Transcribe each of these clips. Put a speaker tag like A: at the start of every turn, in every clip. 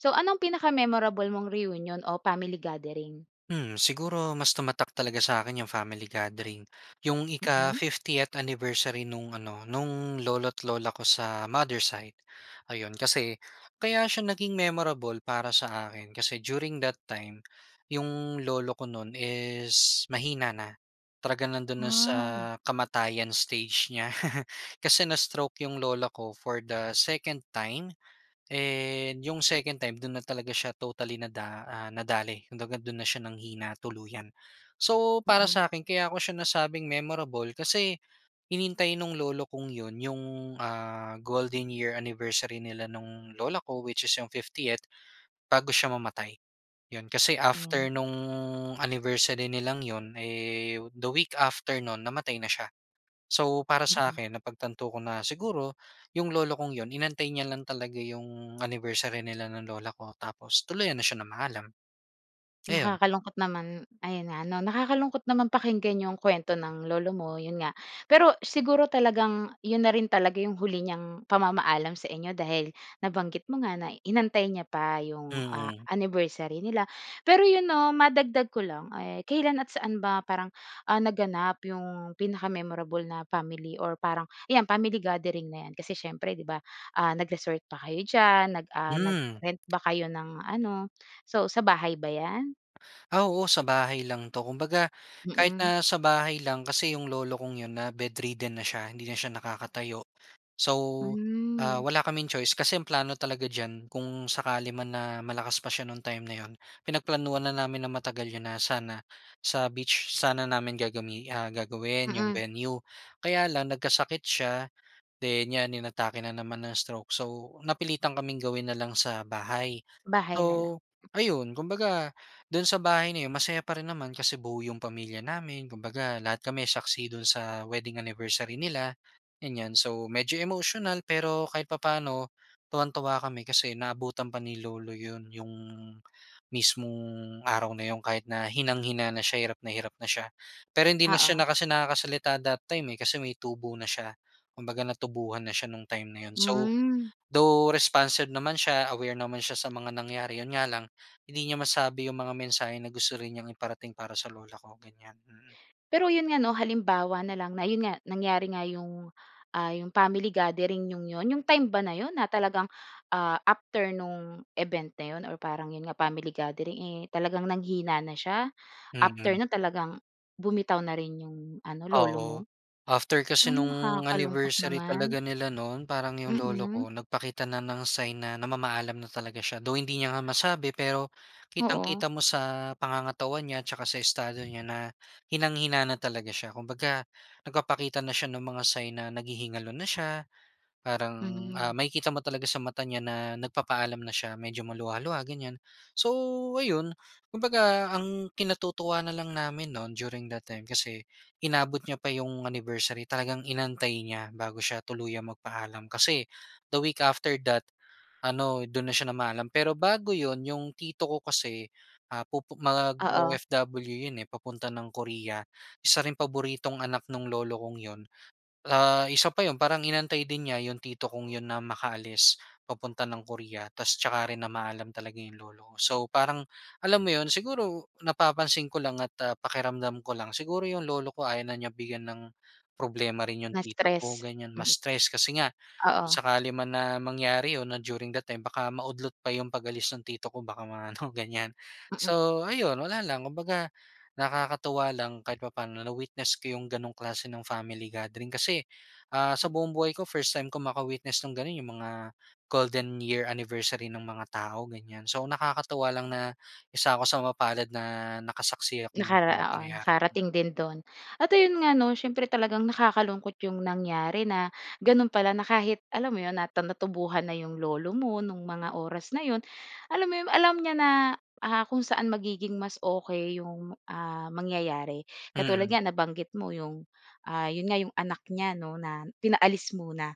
A: So anong pinaka-memorable mong reunion o family gathering?
B: Hmm, siguro mas tumatak talaga sa'kin 'yong family gathering. 'Yong ika
A: Mm.
B: 50th anniversary nung ano, nung lolo't lola ko sa mother side. Ayon, kasi, kaya siya naging memorable para sa akin kasi during that time, 'yong lolo ko nun is mahina na. Talaga nando'n na sa
A: Wow! o
B: kamatayan stage niya. Kasi na-stroke 'yong lola ko for the 2nd time and 'yong 2nd time do'n na talaga siya totally nada ah, nadali. Kumbaga do'n na siya nanghina tuluyan. So, para
A: Mm.
B: sa'kin kaya ko siya nasabing memorable kasi, hinintay nung lolo kong 'yon 'yong ah, golden year anniversary nila nung lola ko, which is 'yong 50th, bago siya mamatay. 'Yon, kasi after
A: 'Yan.
B: nung anniversary nilang 'yon eh, the week after nun, namatay na siya. So para
A: Mm.
B: sa'kin, napagtanto ko na siguro, 'yong lolo kong 'yon, inantay niya 'yon lang talaga 'yong anniversary nila ng lola ko, tapos tuluyan na siya namaalam. Ayon.
A: Nakakalungkot naman, ayon nga 'no? Nakakalungkot naman pakinggan 'yong kuwento ng lolo mo, 'yon nga. Pero siguro talagang 'yon na rin talaga 'yong huli niyang pamamaalam sa inyo, dahil nabanggit mo nga na inantay niya pa 'yong ah,
B: Mm.
A: anniversary nila. Pero 'yon 'no, madagdag ko lang eh, kailan at saan ba parang ah, naganap 'yong pinaka-memorable na family or parang, 'yan family gathering na 'yan, kasi siyempre 'di ba, ah, nag-resort pa kayo diyan, nag ah,
B: Hmm.
A: nag-rent ba kayo ng ano? So, sa bahay ba yan?
B: Ah oo, sa bahay lang 'to, kumbaga kahit
A: Mm.
B: na sa bahay lang, kasi 'yong lolo kong 'yon na-bedridden na siya, hindi na siya nakakatayo. So, ah,
A: Hmm.
B: wala kaming choice kasi ang plano talaga diyan kung sakali man na malakas pa siya nung time na 'yon, pinagplanuhan na namin na matagal 'yon na sana, sa beach sana namin gagami ah, gagawin 'yong
A: Mm.
B: venue, kaya lang nagkasakit siya, then 'yan inatake na naman ng stroke so, napilitan kaming gawin na lang sa bahay.
A: Bahay na lang.
B: So, ayon kumbaga do'n sa bahay na 'yon masaya pa rin naman kasi buo 'yong pamilya namin, kumbaga lahat kami saksi do'n sa wedding anniversary nila, ganyan. So, medyo emotional pero kahit papaano, tuwang-tuwa kami kasi naabutan pa ni lolo 'yon, 'yong mismong araw na 'yon kahit na hinang-hina na siya, hirap na hirap na siya. Pero hindi na siya
A: Oo.
B: na kasi nakakasalita that time eh, kasi may tubo na siya. Kumbaga natubuhan na siya nung time na 'yon so,
A: Hmm.
B: though responsive naman siya, aware naman siya sa mga nangyari, 'yon nga lang, hindi niya masabi 'yong mga mensahe na gusto rin niyang iparating para sa lola ko, ganyan, mm.
A: Pero 'yon nga 'no halimbawa na lang na 'yon nga, nangyari nga 'yong, ah, 'yong family gathering ninyong 'yon, 'yong time ba na 'yon na talagang, ah, after nung event na 'yon or parang 'yon nga family gathering eh, talagang nanghina na siya? After
B: Mhm.
A: nun talagang, bumitaw na rin 'yong ano, lolo mo?
B: Oo, after kasi
A: Ay
B: nung
A: nakakalungkot
B: anniversary
A: naman.
B: talaga nila noon, parang 'yong lolo
A: Mm.
B: ko nagpakita na ng sign na namamaalam na talaga siya. Though, hindi niya nga masabi pero,
A: Oo.
B: kitang-kita mo sa pangangatawan niya tsaka sa estado niya na, hinang-hina na talaga siya. Kumbaga, nagpapakita na siya nung mga sign na naghihingalo na siya, parang ah,
A: Hmm.
B: makikita mo talaga sa mata niya na nagpapaalam na siya, medyo maluha-luha, ganyan. So ayon, kumbaga ang kinatutuwa na lang namin nun during that time, kasi inabot niya pa 'yong anniversary, talagang inantay niya bago siya tuluyang magpaalam. Kasi, the week after that ano, do'n na siya namaalam. Pero bago 'yon, 'yong tito ko kasi, ah, pupu
A: Oo.
B: mag-o-OFW 'yon eh, papunta ng Korea. Isa ring paboritong anak nung lolo kong 'yon, ah, isa pa 'yon, parang inantay din niya 'yong tito kong 'yon na makaalis papunta ng Korea tapos tsaka rin namaalam talaga 'yong lolo ko. So parang, alam mo 'yon? Siguro, napapansin ko lang at ah, pakiramdam ko lang, siguro 'yong lolo ko ayaw na niya bigyan ng problema rin 'yong tito ko,
A: Na-stress,
B: ganyan,
A: hmm.
B: ma-stress kasi nga kung
A: Oo.
B: sakali man na mangyari 'yon na during that time, baka maudlot pa 'yong pag-alis ng tito ko baka ma-ano, ganyan.
A: Mm.
B: So ayon, wala lang, kumbaga, nakakatuwa lang kahit papaano na-witness ko 'yong gano'ng klase nung family gathering. Kasi ah, sa
A: M
B: buong buhay ko first time ko maka-witness nung gano'n, 'yong mga golden year anniversary nung mga tao, ganyan. So, nakakatuwa lang na isa ko sa mapalad na nakasaksi ako nung
A: Nakara
B: gano'ng
A: oo,
B: pangyayari.
A: nakarating din do'n. At ayon nga 'no? Siyempre talagang nakakalungkot 'yong nangyari na, gano'n pala na kahit, alam mo 'yon? Nata natubuhan na 'yong lolo mo, nung mga oras na 'yon, alam mo 'yon, alam niya na ah, kung saan magiging mas okey 'yong, ah, mangyayari. Katulad
B: Mm.
A: nga nabanggit mo 'yong, ah, 'yon nga, 'yong anak niya 'no, na pinaalis muna,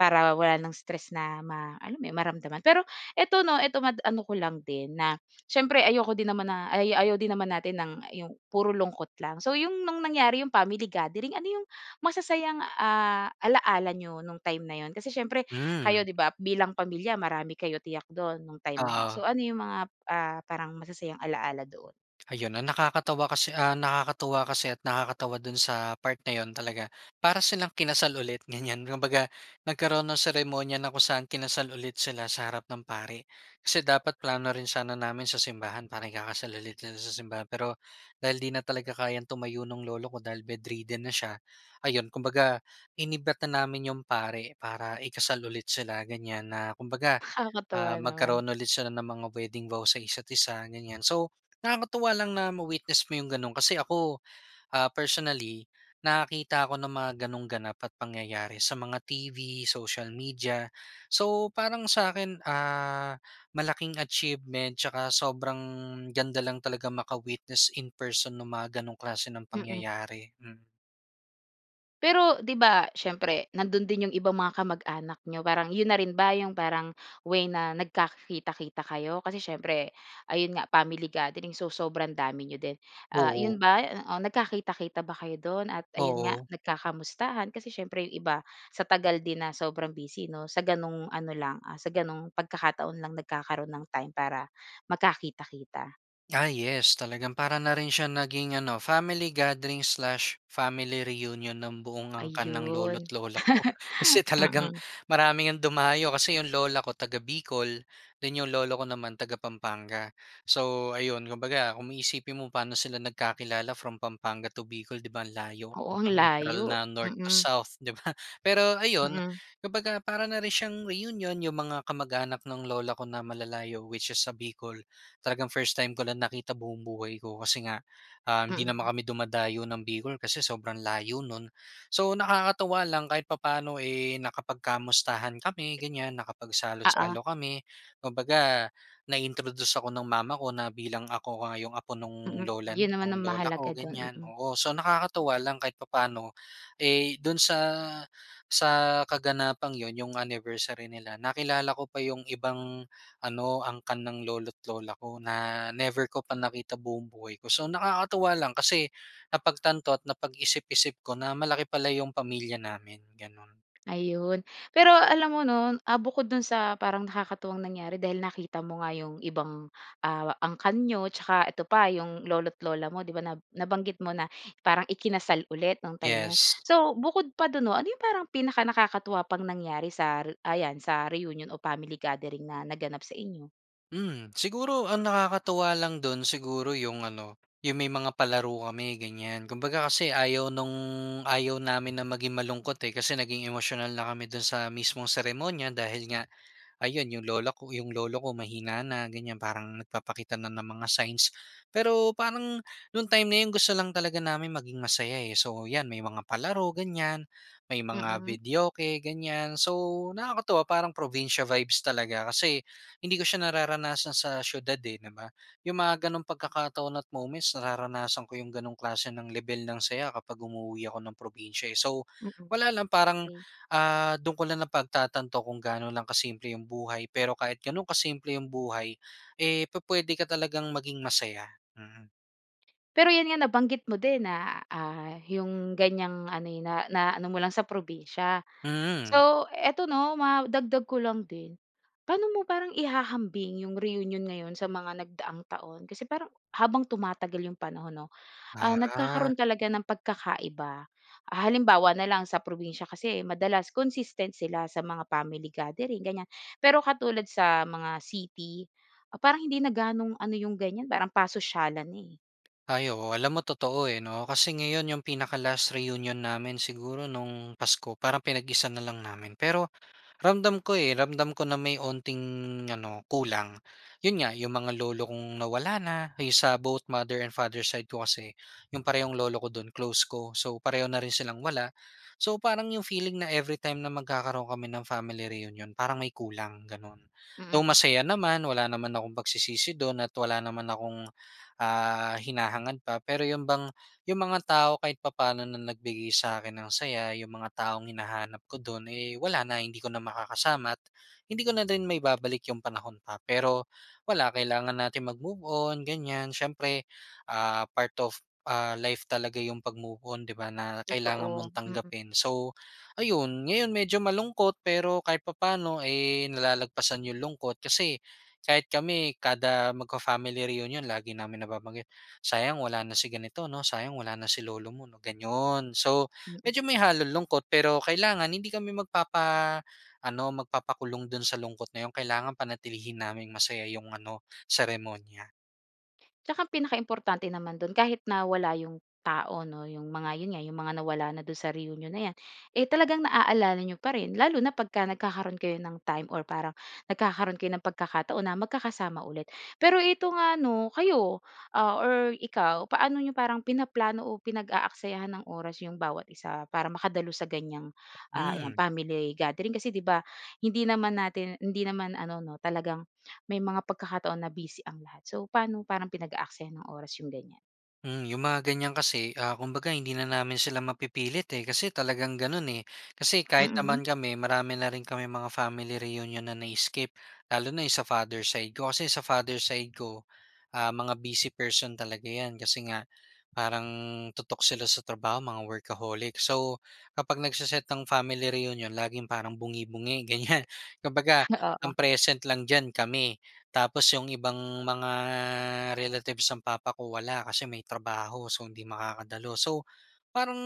A: para wala ng stress na ma alam mo 'yon, maramdaman. Pero ito 'no, ito mad ano ko lang din na siyempre ayoko din naman na ay ayaw din naman natin ng 'yong puro lungkot lang. So, 'yong nung nangyari 'yong family gathering, ano 'yong masasayang, ah, alaala ninyo nung time na 'yon? Kasi siyempre
B: Hmm.
A: kayo 'di ba, bilang pamilya marami kayo tiyak do'n, nung time na 'yon,
B: Oo.
A: so ano 'yong mga, ah, parang masasayang alaala doon?
B: Ayon, ang nakakatawa kasi ah, nakakatuwa kasi at nakakatawa do'n sa part na 'yon talaga, para silang kinasal ulit, ganyan. Kumbaga nagkaroon nung seremonya na kung saan kinasal ulit sila sa harap ng pari. Kasi dapat plano rin sana namin sa simbahan para ikakasal ulit sila sa simbahan pero, dahil 'di na talaga kayang tumayo nung lolo ko dahil bedridden na siya, ayon kumbaga, inimbita namin 'yong pari para ikasal ulit sila, ganyan, na kumbaga
A: Nakakatuwa
B: ah,
A: naman.
B: magkaroon ulit sila ng mga wedding vow sa isa't isa, ganyan. So, nakakatuwa lang na ma-witness mo 'yong gano'n kasi ako ah, personally, nakakakita ako ng mga gano'ng ganap at pangyayari sa mga TV, social media. So, parang sa'kin ah, malaking achievement tsaka sobrang ganda lang talaga maka-witness in person nung mga ganong klase ng
A: Mm.
B: pangyayari, mm.
A: Pero 'di ba, siyempre nando'n din yung ibang mga kamag-anak n'yo? Parang yun na rin ba 'yong parang way na nagkaka-kita-kita kayo kasi siyempre ayun nga, family gatherings, so sobrang dami n'yo din, ah, 'yon
B: Oo.
A: ba, oo, nagkakita-kita ba kayo do'n at ayun nga
B: Oo.
A: nagkakamustahan kasi siyempre 'yong iba sa tagal din na sobrang busy 'no sa gano'ng ano lang, ah, sa gano'ng pagkakataon lang nagkakaroon ng time para magkakita-kita.
B: Ah, yes. Talagang para na rin siyang naging, ano, family gathering slash family reunion ng buong angkan ng lolo't
A: Ayun,
B: lola ko. Kasi talagang
A: mm.
B: marami ngang dumayo kasi 'yong lola ko taga-Bicol then 'yong lolo ko naman taga-Pampanga. So, ayun kumbaga kung iisipin mo, pa'no sila nagkakilala from Pampanga to Bicol, 'di ba ang layo,
A: Oo, ang
B: mukang literal
A: layo.
B: na North to
A: Mm.
B: South 'di ba? Pero ayun
A: Mm.
B: kumbaga para na rin siyang reunion. 'Yong mga kamag-anak nung lola ko na malalayo which is sa Bicol talagang first time ko lang nakita buong buhay ko kasi nga, um, hindi naman
A: Mm.
B: kami dumadayo ng Bicol kasi sobrang layo no'n. So, nakakatuwa lang kahit papa'no, eh, nakapag-kamustahan kami ganiyan,
A: Oo.
B: nakapagsalo-salo kami. Kumbaga, na-introduce ako ng mama ko na bilang ako nga yung apo nung
A: Mm,
B: lolan
A: 'yon naman ang
B: lola
A: mahalaga
B: ko
A: do'n,
B: ganiyan,
A: mm.
B: oo. So, nakakatuwa lang kahit papa'no, eh, do'n sa sa kaganapang yun yung anniversary nila nakilala ko pa yung ibang ano, angkan ng lolo't lola ko na never ko pa nakita buong buhay ko. So, nakakatuwa lang kasi napagtanto at napag-isip-isip ko na malaki pala yung pamilya namin, gano'n.
A: Ayun pero alam mo 'no, ah, bukod dun sa parang nakakatuwang nangyari dahil nakita mo nga 'yong ibang, ah, angkan niyo tsaka ito pa, 'yong lolo't lola mo 'di ba, na nabanggit mo na parang ikinasal ulit nung time na 'yon.
B: Yes.
A: So, bukod pa do'n 'no, ano 'yong parang pinaka-nakakatuwa pang nangyari sa re ayan, sa reunion o family gathering na naganap sa inyo?
B: Hmm, siguro ang nakakatuwa lang dun siguro yung ano, yung may mga palaro kami ganyan. Kumbaga kasi ayaw nung ayaw namin na maging malungkot eh, kasi naging emosyonal na kami dun sa mismong seremonya dahil nga ayun yung lola ko, yung lolo ko mahina na ganyan. Parang nagpapakita na ng mga signs. Pero parang nung time na yun gusto lang talaga namin maging masaya eh. So 'yan, may mga palaro ganyan, may mga
A: Mm.
B: videoke ganyan. So nakakatuwa parang probinsiya vibes talaga kasi hindi ko siya nararanasan sa siyudad eh, 'di ba? Yung mga ganong pagkakataon at moments nararanasan ko yung ganong klase ng lebel ng saya kapag umuuwi ako ng probinsiya, eh. So
A: Mm,
B: wala lang, parang
A: okey.
B: ah, dun ko lang napagtatanto kung gaano lang ka-simple yung buhay. pero kahit ganun kasimple yung buhay, eh, puwede ka talagang maging masaya. Mm.
A: Pero yun nga nabanggit mo din na, ah, yung ganyang ano eh, na naano mo lang sa probinsiya.
B: Hmm.
A: So eto, 'no, madagdag ko lang din paano mo parang ihahambing yung reunion ngayon sa mga nagdaang taon? Kasi parang habang tumatagal yung panahon 'no, ah,
B: Ah.
A: nagkakaroon talaga ng pagkakaiba. Ah, halimbawa na lang sa probinsiya kasi madalas consistent sila sa mga family gathering ganyan. Pero katulad sa mga city ah, parang hindi na gaanong ano yung ganyan parang pasosyalan na, eh.
B: Ay, oo. Alam mo, totoo eh, 'no. Kasi ngayon yung pinaka-last reunion namin siguro nung Pasko. Parang pinag-isa na lang namin. Pero ramdam ko eh, ramdam ko na may onting ano kulang. Yun nga yung mga lolo kong nawala na yung sa both mother and father side ko kasi yung parehong lolo ko dun close ko, so pareho na rin silang wala. So, parang yung feeling na every time na magkakaroon kami ng family reunion parang may kulang ganon. Though
A: Mm.
B: masaya naman wala naman akong pagsisisi dun at wala naman akong, ah, hinahangad pa pero yun bang yung mga tao kahit papaano na nagbigay sa akin ng saya, yung mga taong hinahanap ko dun eh, wala na hindi ko na makakasama't hindi ko na rin maibabalik yung panahon pa. Pero wala, kailangan nating magmove -on ganyan siyempre ah, part of, ah, life talaga yung pagmove-on 'di ba, na kailangan mong
A: Totoo, mm.
B: tanggapin. So ayun ngayon medyo malungkot pero kahit papaano eh, nalalagpasan yung lungkot, kasi kahit kami kada magfa-family reunion lagi namin nababanggit, sayang wala na si ganito 'no, sayang wala na si lolo mo, 'no, ganun. So
A: [unintelligible]
B: medyo may halong lungkot pero kailangan hindi kami magpapa ano magpapakulong dun sa lungkot na yun kailangan panatilihin naming masaya yung ano seremonya.
A: Tsaka ang pinaka-importante naman do'n kahit na wala 'yong tao 'no, 'yong mga 'yon nga, 'yong mga nawala na do'n sa reunion na 'yan, eh talagang naaalala n'yo pa rin lalo na pagka nagkakaroon kayo ng time or parang nagkakaroon kayo ng pagkakataon na magkakasama ulit. Pero ito nga 'no, kayo, ah, or ikaw, paano ninyo parang pinaplano o pinag-aaksayahan ng oras 'yong bawat isa para makadalo sa ganyang, ah, ayan,
B: Hmm.
A: family gathering? Kasi 'di ba, hindi naman natin hindi naman ano 'no, talagang may mga pagkakataon na busy ang lahat, so paano parang pinag-aaksayahan ng oras 'yong ganyan?
B: Hmm, 'yong mga ganyan kasi, ah, kumbaga hindi na namin sila mapipilit eh, kasi talagang gano'n eh. Kasi kahit
A: Mm.
B: naman kami marami na rin kaming mga family reunion na na-skip. Lalo na 'yong sa father side ko, kasi sa father side ko, ah, mga busy person talaga 'yan, kasi nga parang tutok sila sa trabaho, mga workaholic. So, kapag nagse-set ng family reunion laging parang bungi-bungi ganyan. Kumbaga,
A: Oo.
B: ang present lang diyan kami tapos 'yong ibang mga relatives ng papa ko wala kasi may trabaho, so hindi makakadalo. So, parang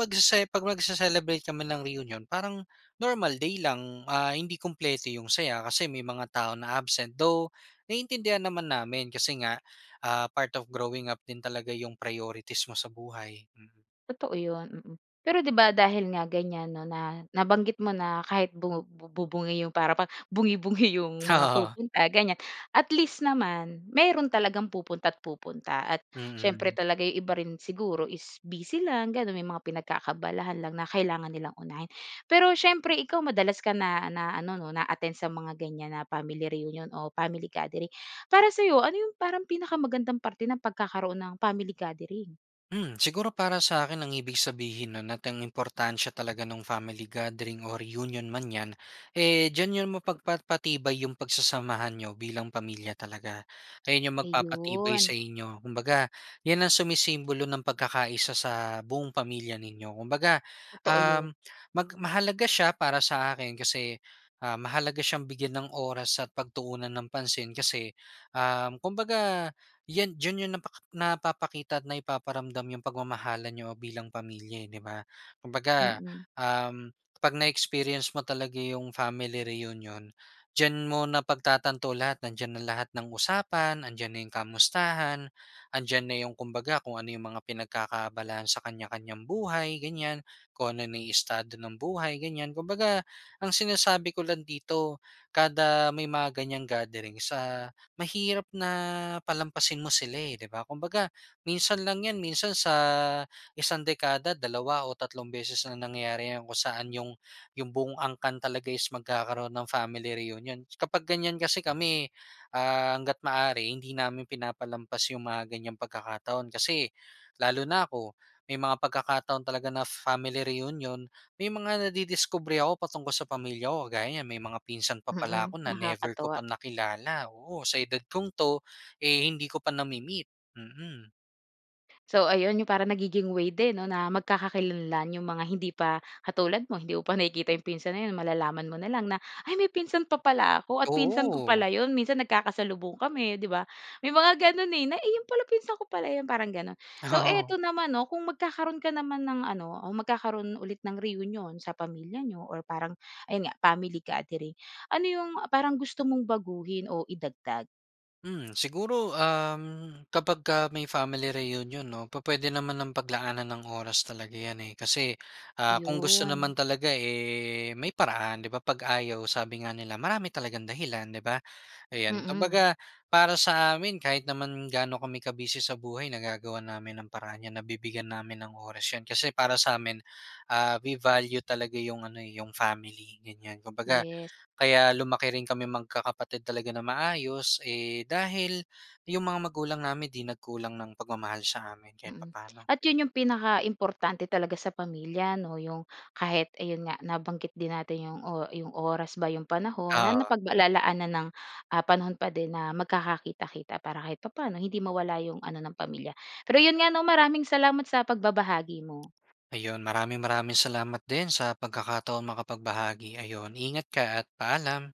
B: magsese 'pag magse-celebrate kami ng reunion, parang normal day lang. Ah, hindi kumpleto 'yong saya kasi may mga tao na absent, though naiintindihan naman namin kasi nga, ah, part of growing up din talaga 'yong priorities mo sa buhay. Mm.
A: Totoo 'yon, mm. Pero 'di ba, dahil nga ganyan 'no, na nabanggit mo na kahit bu bu bu bungi yong para bang bungi-bungi 'yong mga
B: Oo.
A: pupunta, ganyan, at least naman meron talagang pupunta't-pupunta. At, siyempre
B: Mhm.
A: talaga ay iba rin siguro is busy lang gano'n, may mga pinagkaka-abalahan lang na kailangan nilang unahin. Pero siyempre ikaw madalas ka na na ano 'no, na-attend sa mga ganyan na family reunion o family gathering, para sa'yo, ano 'yong parang pinakamagandang parte ng pagkakaroon ng family gathering?
B: Hmm, siguro para sa'kin ang ibig sabihin no'n at ang importansya talaga nung family gathering o reunion man 'yan, eh, diyan 'yon mapagpapatibay 'yong pagsasamahan niyo bilang pamilya talaga. Ayan 'yong magpapatibay
A: Ayun.
B: sa inyo. Kumbaga, 'yan ang sumisimbolo ng pagkakaisa sa buong pamilya ninyo. Kumbaga,
A: Totoo yun.
B: uhm, mag mahalaga siya para sa akin kasi, ah, mahalaga siyang bigyan ng oras at pagtuunan ng pansin, kasi, um, kumbaga 'yan diyan yun napa napapakita at na ipaparamdam yung pagmamahalan niyo bilang pamilya eh, 'di ba? Kumbaga,
A: Mm.
B: um, 'pag na-experience mo talaga yung family reunion, diyan mo napagtatanto lahat, nandiyan na lahat ng usapan, nandiyan na yung kamustahan, 'andiyan na yung kumbaga kung ano yung mga pinagkakaabalahan sa kanya-kanyang buhay ganyan, kung ano na yung estado ng buhay, ganyan. Kumbaga, ang sinasabi ko lang dito kada may mga ganyang gatherings ah, mahirap na palampasin mo sila eh, 'di ba? Kumbaga, minsan lang 'yan, minsan sa isang dekada dalawa o tatlong beses lang nangyari kung saan 'yong 'yong buong angkan talaga is magkakaroon ng family reunion. Kapag ganyan kasi kami, ah, hangga't maaari hindi namin pinapalampas yung mga ganyang pagkakataon. Kasi lalo na ako, may mga pagkakataon talaga na family reunion, may mga nadidiskubre ako patungkol sa pamilya ko. Kagaya niyan, may mga pinsan pa pala
A: Mm.
B: ako na never ko pa
A: Nakakatuwa.
B: nakilala, oo, sa edad kong 'to, eh, hindi ko pa nami-meet. Mm.
A: So, ayon 'yong parang nagiging way din 'no na magkakakilanlan 'yong mga hindi pa katulad mo, hindi mo pa nakikita 'yong pinsan na 'yon, malalaman mo na lang na, "Ay! may pinsan pa pala ako at pinsan ko
B: Oo.
A: pala 'yon, minsan nagkakasalubong kami." 'di ba? May mga gano'n, eh, na, "Iyon pala, pinsan ko pala 'yon." parang gano'n. So,
B: Oo.
A: eto naman 'no, kung magkakaroon ka naman ng ano o magkakaroon ulit ng reunion sa pamilya niyo or parang ayun nga family gathering, ano 'yong, ah, parang gusto mong baguhin o idagdag?
B: Hmm, siguro, um, kapag ka may family reunion 'no. Pu-puwede namang ng paglaanan ng oras talaga 'yan, eh. Kasi, ah, kung gusto naman
A: 'Yon.
B: talaga, eh, may paraan 'di ba, 'pag ayaw sabi nga nila marami talagang dahilan, 'di ba? Ayan,
A: Mm.
B: kumbaga para sa amin kahit naman gaano kami ka-busy sa buhay, nagagawan namin ng paraan 'yan. Nabibigyan namin ng oras 'yan. Kasi para sa amin, ah, we value talaga 'yong ano, eh, 'yong family ganyan. Kumbaga
A: Yes.
B: kaya lumaki rin kami magkakapatid talaga na maayos, eh, dahil 'yong mga magulang namin 'di nagkulang ng pagmamahal sa amin kahit
A: Mm,
B: papaano.
A: at 'yon 'yong pinaka-importante talaga sa pamilya 'no. 'Yong kahit ayun nga, nabanggit din natin 'yong o 'yong oras ba, 'yong panahon na
B: Oo.
A: napaglalaanan ng, ah, panahon pa din na magkakakita-kita para kahit papaano hindi mawala 'yong ano ng pamilya. Pero 'yon nga 'no, maraming salamat sa pagbabahagi mo.
B: Ayun, maraming maraming salamat din sa pagkakataong makapagbahagi. Ayun, ingat ka at paalam.